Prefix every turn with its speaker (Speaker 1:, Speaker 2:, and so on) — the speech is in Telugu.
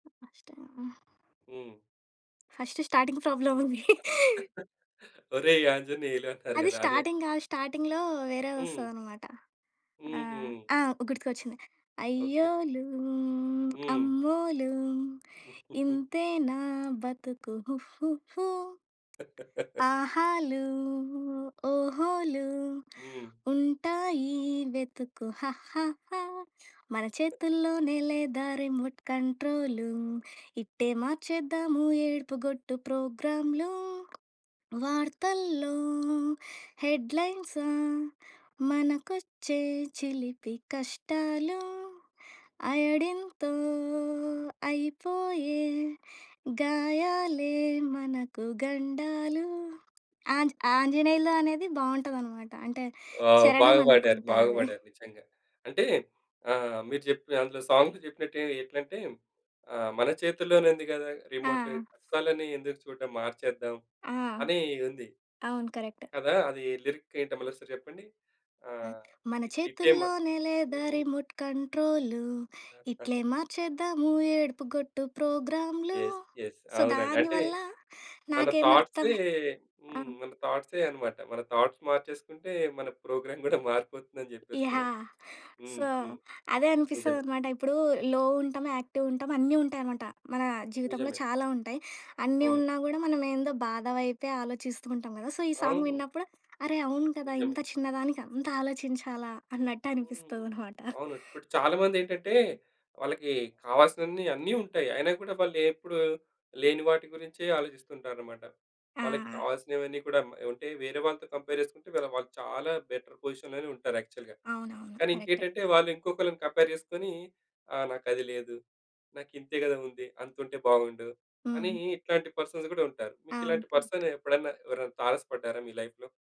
Speaker 1: హ్మ్. ఫస్ట్‌ టైమే.
Speaker 2: హ్మ్.
Speaker 1: ఫస్ట్ స్టార్టింగ్ ప్రాబ్లమ్ ఉంది.
Speaker 2: ఒరేయ్! ఆంజనేయలు అంటారు
Speaker 1: అది
Speaker 2: కదా! అదే.
Speaker 1: స్టార్టింగ్ కాదు. స్టార్టింగ్‌లో వేరే
Speaker 2: హ్మ్.
Speaker 1: వస్తదన్నమాట. ఆహ్,
Speaker 2: హుహు.
Speaker 1: ఆ! గుర్తుకొచ్చింది.
Speaker 2: ఓకె.
Speaker 1: అయ్యోలు
Speaker 2: హ్మ్.
Speaker 1: అమ్మోలు ఇంతే నా బతుకు హుహుహు. ఆహాలు ఓహోలు
Speaker 2: హ్మ్.
Speaker 1: ఉంటాయి. వెతుకు హాహాహా. మన చేతుల్లో‌నే లేదా రిమోట్ కంట్రోలు. ఇట్టే మార్చేద్దాము ఏడుపుగొట్టు ప్రోగ్రామ్‌లు. వార్తల్లో హెడ్‌లైన్సా మనకొచ్చే చిలిపి కష్టాలు. అయోడిన్‌తో అయిపోయే గాయాలే మనకు గండాలు. ఆంజ్ ఆంజనేయులు అనేది బావుంటదన్నమాట. అంటే
Speaker 2: ఆ!
Speaker 1: చరణం
Speaker 2: బాగా పాడారు,
Speaker 1: అనుకుంటా
Speaker 2: బాగా
Speaker 1: అది.
Speaker 2: పాడారు. నిజంగ. అంటే ఆ! మీరు చెప్పిన, అందులో సాంగ్స్ చెప్పినట్టు ఎట్లంటే ఆహ్, మన చేతుల్లోనే ఉంది కదా రిమోట్.
Speaker 1: ఆ!
Speaker 2: కష్టాలన్నీ ఎందుకు చూడడం మార్చేద్దాం
Speaker 1: ఆ!
Speaker 2: అని ఉంది.
Speaker 1: అవును. కరెక్ట్.
Speaker 2: కదా అది, లిరిక్ ఏంటో మళ్లోక్క‌సారి చెప్పండి?
Speaker 1: అ!
Speaker 2: ఆహ్,
Speaker 1: మన
Speaker 2: టిట్టేమ
Speaker 1: చేతుల్లోనే లేదా
Speaker 2: హ్మ్.
Speaker 1: Remote control. ఇట్లే మార్చేద్దాము ఏడుపుగొట్టు ప్రోగ్రామ్‌లు.
Speaker 2: యెస్. యెస్.
Speaker 1: సో
Speaker 2: అవునండి. అంటే
Speaker 1: దానివల్ల
Speaker 2: మన
Speaker 1: నాకేమి
Speaker 2: థాట్‌సే.
Speaker 1: అర్థమయి ఆ!
Speaker 2: హ్మ్. మన థాట్‌సే అన్నమాట. మన థాట్స్ మార్చేసుకుంటే మన ప్రోగ్రామ్ కూడా మారిపోతుంది అని
Speaker 1: ఇ
Speaker 2: చెప్పేస్తున్నారు.
Speaker 1: యాహ్!
Speaker 2: హ్మ్
Speaker 1: సో
Speaker 2: హ్మ్.
Speaker 1: అదే
Speaker 2: నిజమే.
Speaker 1: అనిపిస్తదన్నమాట. ఇప్పుడు లో ఉంటం. యాక్టివ్ ఉంటాం. అన్నీ ఉంటాయన్నమాట. మన జీవితంలో
Speaker 2: నిజమే.
Speaker 1: చాలా ఉంటాయి. అన్నీ
Speaker 2: అవును.
Speaker 1: ఉన్నా కూడా మనం ఏందో బాధ వైపే ఆలోచిస్తూ ఉంటాం కద! సో ఈ సాంగ్
Speaker 2: అవును.
Speaker 1: విన్నప్పుడు అరే అవును కదా!
Speaker 2: నిజమే.
Speaker 1: ఇంత చిన్న దానికి అంత ఆలోచించాలా అన్నట్టు
Speaker 2: హ్మ్.
Speaker 1: అనిపిస్తది అన్నమాట.
Speaker 2: అవును. ఇప్పుడు చాలా మంది ఏంటంటే వాళ్ళకి కావాల్సినవన్నీ అన్నీ ఉంటాయి. అయినా కూడా వాళ్ళెప్పుడు లేని వాటి గురించే ఆలోచిస్తుంటారన్నమాట. వాళ్లకి
Speaker 1: ఆ!
Speaker 2: కావాల్సినవన్నీ కూడా ఉంటాయి. వేరే వాళ్ళతో కంపేర్ చేసుకుంటే వాళ్ళు చాలా బెటర్ పొజిషన్‌లోనే ఉంటారు యాక్చువల్‌గా.
Speaker 1: అవునవును.
Speaker 2: కానీ
Speaker 1: కరెక్టే.
Speaker 2: ఇంకేంటంటే వాళ్ళు ఇంకొకళ్ళని కంపేర్ చేసుకొని "ఆహ్, నాకది లేదు. నాకు ఇంతే కదా! ఉంది. అంత ఉంటే బాగుండు" అని
Speaker 1: హ్మ్.
Speaker 2: ఇట్లాంటి పర్సన్స్ కూడా ఉంటారు. మీకు
Speaker 1: అవును
Speaker 2: ఇలాంటి
Speaker 1: కరెక్ట్.
Speaker 2: పర్సన్ ఎప్పుడన్నా ఎవరన్న తారసపడ్డారా మీ లైఫ్‌లో?